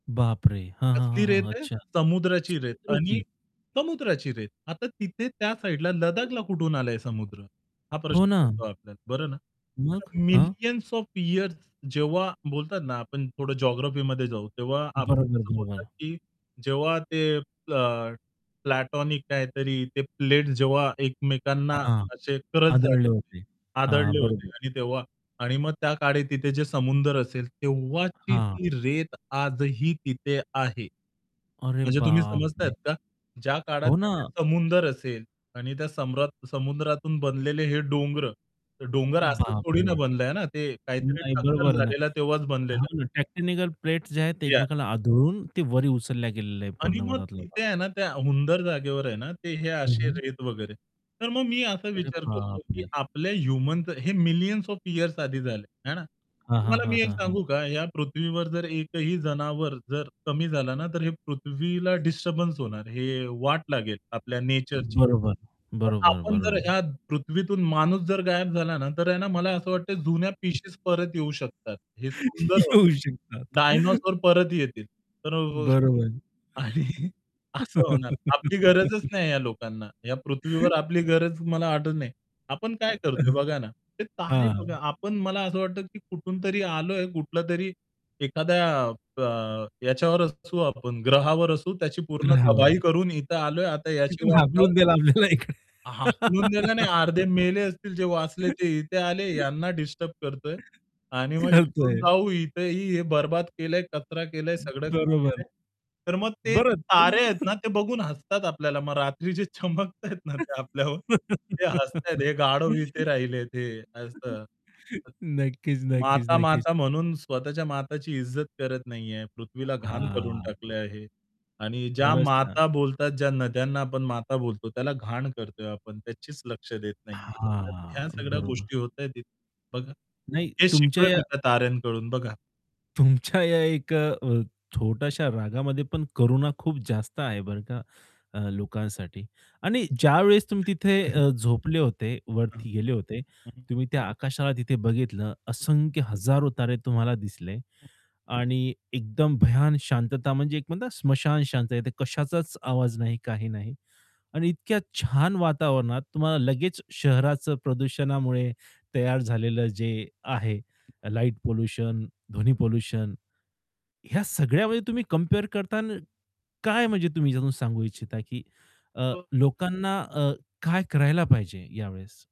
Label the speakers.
Speaker 1: बापरे! हां, हां,
Speaker 2: कसली
Speaker 1: हां,
Speaker 2: रेत
Speaker 1: हां.
Speaker 2: आहे,
Speaker 1: अच्छा.
Speaker 2: समुद्राची रेत आणि
Speaker 1: समुद्राची?
Speaker 2: समुद्राची रेत. आता तिथे त्या साइडला लदाखला कुठून आलाय समुद्र, हा प्रश्न
Speaker 1: हो ना.
Speaker 2: पडतो आपल्याला बरं ना? तर
Speaker 1: मग? हां.
Speaker 2: मिलियन्स ऑफ इअर्स जेव्हा बोलतात ना आपण थोडं जिओग्राफीमध्ये जाऊ, तेव्हा आपण
Speaker 1: बरोबर,
Speaker 2: कसं बोलतात
Speaker 1: बरोबर.
Speaker 2: की जेव्हा ते अ, प्लॅटॉनिक काहीतरी ते प्लेट्स जेव्हा एकमेकांना
Speaker 1: हां.
Speaker 2: असे क्रच झाले
Speaker 1: आदळले
Speaker 2: होते,
Speaker 1: होते. हां.
Speaker 2: आदळले होते
Speaker 1: बरोबर.
Speaker 2: आणि तेव्हा आणि मग त्या काळी तिथे जे समुद्र असेल तेव्हाची
Speaker 1: हां.
Speaker 2: ती रेत आजही तिथे आहे.
Speaker 1: अरे,
Speaker 2: म्हणजे तुम्ही समजताहेत
Speaker 1: बापरे!
Speaker 2: का? ज्या काळात
Speaker 1: हो ना.
Speaker 2: तिथे समुद्र असेल आणि त्या समरत समुद्रातून बनलेले हे डोंगर. डोंगर असंच थोडी ना
Speaker 1: बापरे,
Speaker 2: बनलंय ना ते काहीतरी
Speaker 1: नाही
Speaker 2: टक्कर
Speaker 1: बरोबर आहे ना.
Speaker 2: झालेला तेव्हाच
Speaker 1: हा
Speaker 2: बनलेलं.
Speaker 1: टॅक्टिनीकल प्लेट्स जे आहेत ते
Speaker 2: या
Speaker 1: एकमेकांना आदळून ते वर उचलल्या गेलेल्या आहेत
Speaker 2: आणि
Speaker 1: पूर्ण
Speaker 2: मग
Speaker 1: मधला भाग.
Speaker 2: तिथे आहे ना त्या हुंदर जागेवर आहे ना, ते हे
Speaker 1: हं,
Speaker 2: असे
Speaker 1: हं.
Speaker 2: रेत वगैरे. तर मग मी असा
Speaker 1: अरे
Speaker 2: विचार करतो, की
Speaker 1: बापरे!
Speaker 2: आपल्या ह्युमनचे हे मिलियन्स ऑफ इअर्स आधी झाले आहे ना.
Speaker 1: हां, हां,
Speaker 2: तुम्हाला
Speaker 1: हां,
Speaker 2: मी एक
Speaker 1: हां, हां.
Speaker 2: सांगू का? या पृथ्वीवर जर एकही जनावर जर कमी झाला ना, तर हे पृथ्वीला डिस्टर्बन्स होणार, हे वाट लागेल आपल्या नेचरची.
Speaker 1: बरोबर,
Speaker 2: पण
Speaker 1: बरोबर,
Speaker 2: आपण जर
Speaker 1: बरोबर.
Speaker 2: या पृथ्वीतून माणूस जर गायब झाला ना, तर आहे ना मला असं वाटत जुन्या पिशीज परत येऊ शकतात. हे सुंदर होत,
Speaker 1: येऊ शकतात.
Speaker 2: डायनोसॉर परत येतील. तर अ,
Speaker 1: बरोबर.
Speaker 2: आणि असं होणार. आपली गरजच नाही या लोकांना या पृथ्वीवर आपली गरज मला वाटत नाही. आपण काय करतोय बघा ना, ते तारे बघा,
Speaker 1: हां.
Speaker 2: आपण मला असं वाटतं, की कुठूनतरी आलोय, कुठलातरी एखाद्या अ, याच्यावर असू आपण ग्रहावर असू, त्याची पूर्ण तबाही
Speaker 1: ग्रहावर.
Speaker 2: करून इथे आलोय, आता याची
Speaker 1: तिथून
Speaker 2: वाट लावू.
Speaker 1: हाकलून दिला आपल्याला इकडे.
Speaker 2: हाकलून द्यायला नाही, अर्धे मेले असतील ते वाचले ते इथे आले, यांना डिस्टर्ब करतोय. आणि मग इथून
Speaker 1: कळतंय.
Speaker 2: जाऊ इथंही हे बरबाद केलंय, कचरा केलंय,
Speaker 1: हं,
Speaker 2: सगळं काही
Speaker 1: बरोबर.
Speaker 2: केलंय तर मग ते
Speaker 1: बरं
Speaker 2: तारे आहेत ना, ते बघून हसतात आपल्याला मग रात्री जे चमकताहेत ना ते आपल्यावर ते हसताहेत हे गाढव इथे
Speaker 1: नक्कीच,
Speaker 2: राहिलेत हे, असं.
Speaker 1: नक्कीच,
Speaker 2: माता,
Speaker 1: नक्कीच.
Speaker 2: माता म्हणून स्वतःच्या माताची इज्जत करत नाहीये. पृथ्वीला घाण करून
Speaker 1: हां.
Speaker 2: टाकलं आहे. आणि ज्या
Speaker 1: खरंच ना.
Speaker 2: माता बोलतात, ज्या नद्यांना आपण माता बोलतो त्याला घाण करतोय आपण त्याचीच लक्ष देत नाहीये. तर ह्या
Speaker 1: हां,
Speaker 2: सगळ्या
Speaker 1: बरोबर.
Speaker 2: गोष्टी होताहेत. बघा
Speaker 1: नाही,
Speaker 2: हे
Speaker 1: तुमच्या
Speaker 2: शिकलोय
Speaker 1: या
Speaker 2: मी त्या ताऱ्यांकडून बघा.
Speaker 1: तुमच्या या एक छोट्याशा रागामध्ये पण करुणा खूप जास्त आहे बरं का लोकांसाठी आणि ज्यावेळेस तुम्ही तिथे
Speaker 2: [unintelligible]
Speaker 1: अ, झोपले होते,
Speaker 2: हां.
Speaker 1: वरती गेले होते
Speaker 2: हं, हं.
Speaker 1: तुम्ही त्या आकाशाला तिथे बघितलं,
Speaker 2: हं.
Speaker 1: असंख्य हजारो तारे तुम्हाला दिसले आणि एकदम भयान शांतता म्हणजे एक म्हणता स्मशान शांतता कशाचाच आवाज नाही, काही नाही. आणि इतक्या छान वातावरणात तुम्हाला लगेच शहराचं प्रदूषणामुळे तयार झालेलं जे आहे लाईट पोल्युशन, ध्वनी पोल्युशन, ह्या सगळ्यामध्ये तुम्ही कंपेअर करताना काय म्हणजे तुम्ही त्यातून सांगू इच्छिता, की अ,
Speaker 2: [unintelligible]
Speaker 1: लोकांना अ, काय करायला पाहिजे यावेळेस?